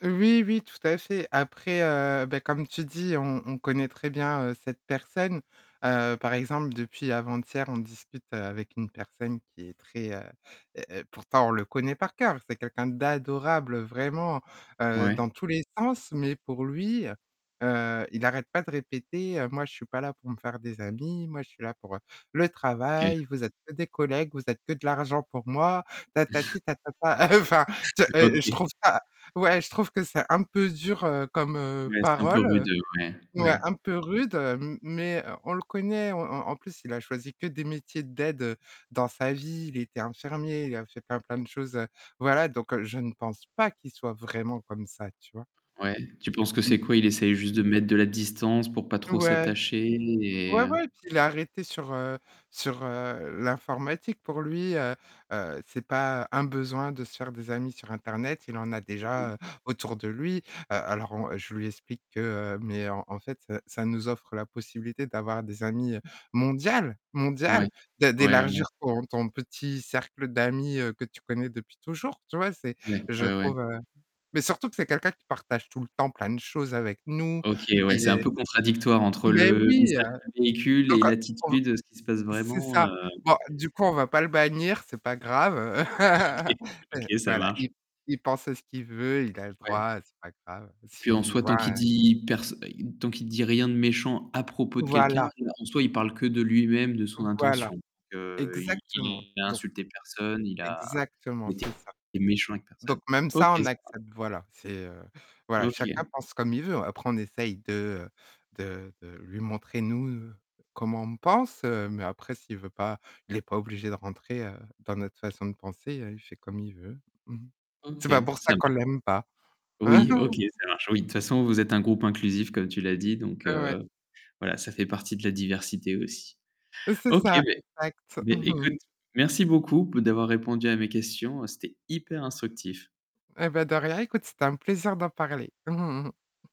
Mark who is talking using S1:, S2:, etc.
S1: Oui, oui, tout à fait, après, heu, bah, comme tu dis on on connaît très bien, heu, cette personne. Heu, par exemple, depuis avant-hier, on discute avec une personne qui est très, heu, heu pourtant on le connaît par cœur, c'est quelqu'un d'adorable vraiment, heu,
S2: Ouais.
S1: dans tous les sens, mais pour lui, heu, il arrête pas de répéter, heu: «Moi je suis pas là pour me faire des amis, moi je suis là pour le
S2: OK.
S1: travail, vous êtes que des collègues, vous êtes que de l'argent pour moi», tatati tatata, heu, enfin, te je
S2: OK.
S1: trouve ça ouais, je trouve que c'est un peu dur, heu, comme, heu,
S2: Ouais, c'est un peu
S1: parole,
S2: rude, heu, ouais,
S1: ouais,
S2: ouais.
S1: un peu rude, m mais, heu, on le connaît, en en en plus, il a choisi que des métiers d'aide dans sa vie, il était infirmier, il a fait plein, plein de choses, heu, voilà donc je pense pas qu'il soit vraiment comme ça, tu vois?
S2: Ouais, tu penses que
S1: Mmh
S2: c'est
S1: mh.
S2: quoi? Il essaye juste de mettre de la distance pour pas trop
S1: Ouais.
S2: s'attacher et
S1: Ouais,
S2: heu
S1: ouais, puis il a arrêté sur, heu, sur, heu, l'informatique pour lui, heu, heu, c'est pas un besoin de se faire des amis sur internet, il en a
S2: Mmh mh.
S1: déjà, heu, autour de lui, heu, alors on je lui explique que, heu, mais en en fait ça nous offre la possibilité d'avoir des amis, heu, mondial,
S2: Ouais,
S1: mondial, de
S2: ouais, ouais.
S1: d'élargir ton ton petit cercle d'amis, heu, que tu connais depuis toujours, tu vois, c'est
S2: Ouais,
S1: je
S2: ouais, ouais.
S1: trouve, heu, mais surtout que c'est quelqu'un qui partage tout le temps plein de choses avec nous,
S2: OK, ouais,
S1: qui
S2: c'est un
S1: est
S2: peu contradictoire, entre
S1: mais
S2: le
S1: oui! Heu,
S2: message qu'il véhicule et
S1: donc heu, on v
S2: l'attitude de ce qui se passe
S1: c'est
S2: vraiment,
S1: ça,
S2: heu
S1: bon du coup on va pas le bannir, c'est pas grave.
S2: OK, OK, ça
S1: Voilà
S2: marche.
S1: il il pense ce qu'il veut, il a le
S2: Ouais.
S1: droit, c'est pas grave,
S2: Puis en
S1: s'il
S2: soi,
S1: voit
S2: tant qu'il dit pers tant qu'il dit rien de méchant à propos de quelqu'un,
S1: Voilà.
S2: heu, en soi, il parle que de lui-même, de son
S1: Voilà,
S2: intention. Donc heu, il
S1: exactement!
S2: il a
S1: Donc
S2: insulté personne, il a
S1: exactement,
S2: il était
S1: c'est ça.
S2: méchant avec
S1: Donc
S2: personne.
S1: même
S2: OK
S1: ça,
S2: ça
S1: on
S2: marche.
S1: accepte, voilà, c'est, heu voilà chacun
S2: OK.
S1: pense comme il veut, après on essaie de, heu, de de lui montrer nous comment on pense, heu, mais après s'il veut pas, il est pas obligé de rentrer, heu, dans notre façon de penser, il fait comme il veut, mmh mh.
S2: OK,
S1: C'est pas pour
S2: ça
S1: ça
S2: marche.
S1: qu'on l'aime pas.
S2: Oui, OK, ça marche, oui. De toute façon, vous êtes un groupe inclusif comme tu l'as dit donc
S1: Ouais.
S2: heu, voilà, ça fait partie de la diversité aussi.
S1: C'est
S2: OK,
S1: ça
S2: beh
S1: exact.
S2: beh
S1: Mmh mh.
S2: écoute, merci beaucoup d'avoir répondu à mes questions. C'était hyper instructif.
S1: Et bah de rien, écoute, c'était un plaisir d'en parler.